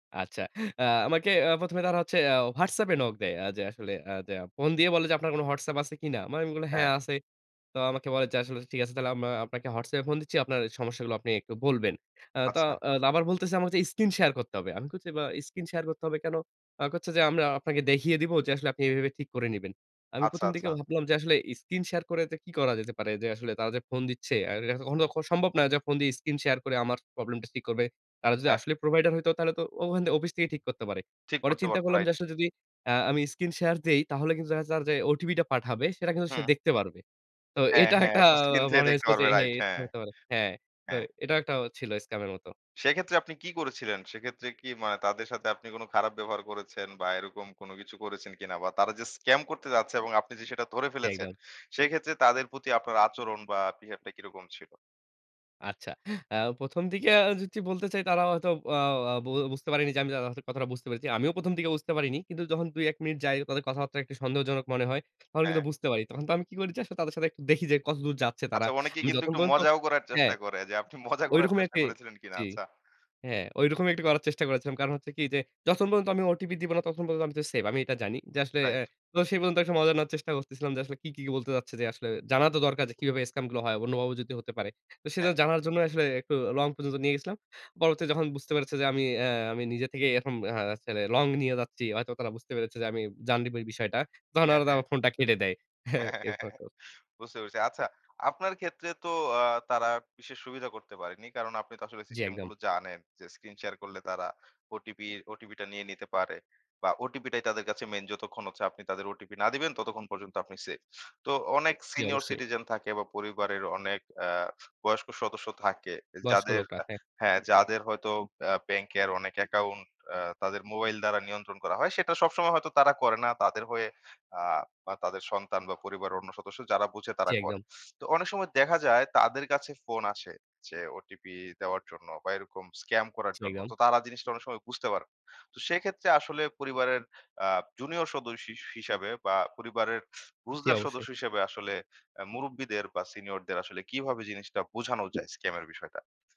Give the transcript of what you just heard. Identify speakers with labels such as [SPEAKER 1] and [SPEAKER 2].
[SPEAKER 1] আচ্ছা, আ আমাকে আ ১ম এ তারা হচ্ছে অ্যাঁ WhatsApp এ নক দেয়। আ যে আসলে অ্যা যে ফোন দিয়ে বলে যে আপনার কোন WhatsApp আছে কিনা? মানে আমি বললাম, "হ্যাঁ
[SPEAKER 2] হ্যাঁ।
[SPEAKER 1] আছে।" তো আমাকে বলে যে আসলে ঠিক আছে তাহলে আমরা আপনাকে WhatsApp এ ফোন দিচ্ছি। আপনার সমস্যাগুলো আপনি একটু বলবেন। অ্যা তো
[SPEAKER 2] আচ্ছা।
[SPEAKER 1] আবার বলতেছে আমাকে স্ক্রিন শেয়ার করতে হবে। আমি বলছি বা স্ক্রিন শেয়ার করতে হবে কেন? আ কচ্ছে যে আমরা আপনাকে দেখিয়ে দিবো যে আসলে আপনি এভাবে, এভাবে ঠিক করে নিবেন। আমি
[SPEAKER 2] আচ্ছা,
[SPEAKER 1] ১ম দিকে
[SPEAKER 2] আচ্ছা।
[SPEAKER 1] ভাবলাম যে আসলে স্ক্রিন শেয়ার করে এতে কি করা যেতে পারে যে আসলে তারা যে ফোন দিচ্ছে আর এটাতো কখনো তো সম্ভব না যে ফোন দিয়ে স্ক্রিন শেয়ার করে আমার প্রবলেম টা ঠিক করবে। তারা যদি
[SPEAKER 2] হ্যাঁ।
[SPEAKER 1] আসলে প্রোভাইডার হইতো তাহলে তো ওখানে অফিস থেকেই ঠিক করতে পারে।
[SPEAKER 2] ঠিক
[SPEAKER 1] পরে
[SPEAKER 2] করতে
[SPEAKER 1] চিন্তা
[SPEAKER 2] পারতো,
[SPEAKER 1] করলাম যে
[SPEAKER 2] রাইট।
[SPEAKER 1] আসলে যদি আ আমি স্ক্রিন শেয়ার দেই তাহলে কিন্তু দেখা যাবে যে ওটিপি টা পাঠাবে সেটা কিন্তু সে
[SPEAKER 2] হুম।
[SPEAKER 1] দেখতে পারবে। তো
[SPEAKER 2] হ্যাঁ,
[SPEAKER 1] এটা
[SPEAKER 2] হ্যাঁ
[SPEAKER 1] একটা
[SPEAKER 2] আপনার স্ক্রিন থেকে
[SPEAKER 1] মনে
[SPEAKER 2] দেখতে
[SPEAKER 1] হইল যে
[SPEAKER 2] পারবেন রাইট হ্যাঁ।
[SPEAKER 1] স্ক্যাম হতে পারে। হ্যাঁ, তো
[SPEAKER 2] হ্যাঁ।
[SPEAKER 1] এটাও একটা ছিল স্ক্যাম এর মতো।
[SPEAKER 2] সেক্ষেত্রে আপনি কি করেছিলেন? সেক্ষেত্রে কি মানে তাদের সাথে আপনি কোন খারাপ ব্যবহার করেছেন বা এরকম কোন কিছু করেছেন কিনা বা তারা যে স্ক্যাম করতে যাচ্ছে এবং আপনি যে সেটা ধরে
[SPEAKER 1] জি,
[SPEAKER 2] ফেলেছেন
[SPEAKER 1] একদম।
[SPEAKER 2] সেক্ষেত্রে তাদের প্রতি আপনার আচরণ বা বিহেভ টা কিরকম ছিল?
[SPEAKER 1] আচ্ছা। অ্যা ১ম দিকে আ যদি বলতে চাই, তারা হয়তো অ অ বো বুঝতে পারেনি যে আমি তাদের কথাটা বুঝতে পেরেছি। আমিও ১ম দিকে বুঝতে পারিনি। কিন্তু যখন ২, ১ মিনিট যাই তাদের কথাবার্তা একটু সন্দেহজনক মনে হয়। তখন কিন্তু
[SPEAKER 2] হ্যাঁ।
[SPEAKER 1] বুঝতে পারি। তখন তো আমি কি করেছি আসলে তাদের সাথে একটু দেখি যে, কতদূর যাচ্ছে তারা।
[SPEAKER 2] আচ্ছা অনেকে
[SPEAKER 1] আমি
[SPEAKER 2] কিন্তু
[SPEAKER 1] যত
[SPEAKER 2] একটু
[SPEAKER 1] পর্যন্ত
[SPEAKER 2] মজাও করার
[SPEAKER 1] হ্যাঁ।
[SPEAKER 2] চেষ্টা করে যে, আপনি মজা করার
[SPEAKER 1] ঐরকমই
[SPEAKER 2] চেষ্টা
[SPEAKER 1] একটি
[SPEAKER 2] করেছিলেন কিনা?
[SPEAKER 1] জি,
[SPEAKER 2] আচ্ছা।
[SPEAKER 1] হ্যাঁ, ঐরকমই একটি করার চেষ্টা করেছিলাম। কারণ হচ্ছে কি যে, যতক্ষণ পর্যন্ত আমি ওটিপি দিব না ততক্ষণ পর্যন্ত আমি তো সেভ আমি এটা জানি। যে আসলে
[SPEAKER 2] রাইট।
[SPEAKER 1] অ্যাঁ তো সেই পর্যন্ত একটা মজা নেওয়ার চেষ্টা করতেছিলাম যে, আসলে কি, কি, কি বলতে যাচ্ছে যে আসলে জানা তো দরকার যে কিভাবে স্ক্যাম গুলো হয়। অন্যভাবেও যদি হতে পারে। তো সেটা
[SPEAKER 2] হ্যাঁ।
[SPEAKER 1] জানার জন্যই আসলে একটু লং পর্যন্ত নিয়ে গেছিলাম। পরবর্তী যখন বুঝতে পেরেছে যে, আমি অ্যা আমি নিজে থেকেই এরকম দেখা যাচ্ছে লং নিয়ে যাচ্ছি। হয়তো তারা বুঝতে পেরেছে যে, আমি জানি দিবো এই বিষয়টা। তখন
[SPEAKER 2] হ্যাঁ,
[SPEAKER 1] ওরা তো
[SPEAKER 2] হ্যাঁ।
[SPEAKER 1] আমার ফোনটা কেটে দেয়। এরকম একটা অবস্থা।
[SPEAKER 2] বুঝতে পেরেছি। আচ্ছা, আপনার ক্ষেত্রে তো আ তারা বিশেষ সুবিধা করতে পারেনি। কারণ আপনি তো আসলে
[SPEAKER 1] জ্বি,
[SPEAKER 2] সিস্টেম
[SPEAKER 1] একদম।
[SPEAKER 2] গুলো জানেন যে স্ক্রিন শেয়ার করলে তারা ওটিপি, ওটিপি টা নিয়ে নিতে পারে। বা ওটিপিটাই তাদের কাছে মেইন যতক্ষণ হচ্ছে আপনি তাদের ওটিপি না দিবেন ততক্ষণ পর্যন্ত আপনি সেভ। তো অনেক
[SPEAKER 1] জ্বি,
[SPEAKER 2] সিনিয়র
[SPEAKER 1] অবশ্যই।
[SPEAKER 2] সিটিজেন থাকে বা পরিবারের অনেক অ্যা বয়স্ক সদস্য থাকে।
[SPEAKER 1] বয়স্ক
[SPEAKER 2] যাদের
[SPEAKER 1] লোকরা।
[SPEAKER 2] আ
[SPEAKER 1] হ্যাঁ।
[SPEAKER 2] হ্যাঁ, যাদের হয়তো আ ব্যাংক কের অনেক অ্যাকাউন্ট অ তাদের মোবাইল দ্বারা নিয়ন্ত্রণ করা হয়। সেটা সবসময় হয়তো তারা করে না। তাদের হয়ে আ বা তাদের সন্তান বা পরিবারের অন্য সদস্য যারা বুঝে
[SPEAKER 1] জ্বী,
[SPEAKER 2] তারা করে।
[SPEAKER 1] একদম।
[SPEAKER 2] তো অনেক সময় দেখা যায় তাদের কাছে ফোন আসে যে ওটিপি দেওয়ার জন্য বা এরকম স্ক্যাম করার
[SPEAKER 1] জি,
[SPEAKER 2] জন্য।
[SPEAKER 1] একদম।
[SPEAKER 2] তো তারা জিনিসটা অনেক সময় বুঝতে পারে না। তো সেক্ষেত্রে আসলে পরিবারের আ জুনিয়র সদস্য সিস হিসাবে বা পরিবারের
[SPEAKER 1] জ্বি,
[SPEAKER 2] বুঝদার
[SPEAKER 1] অবশ্যই।
[SPEAKER 2] সদস্য হিসাবে আসলে আ মুরুব্বিদের বা সিনিয়রদের আসলে কিভাবে জিনিসটা বুঝানো যায় স্ক্যামের বিষয়টা?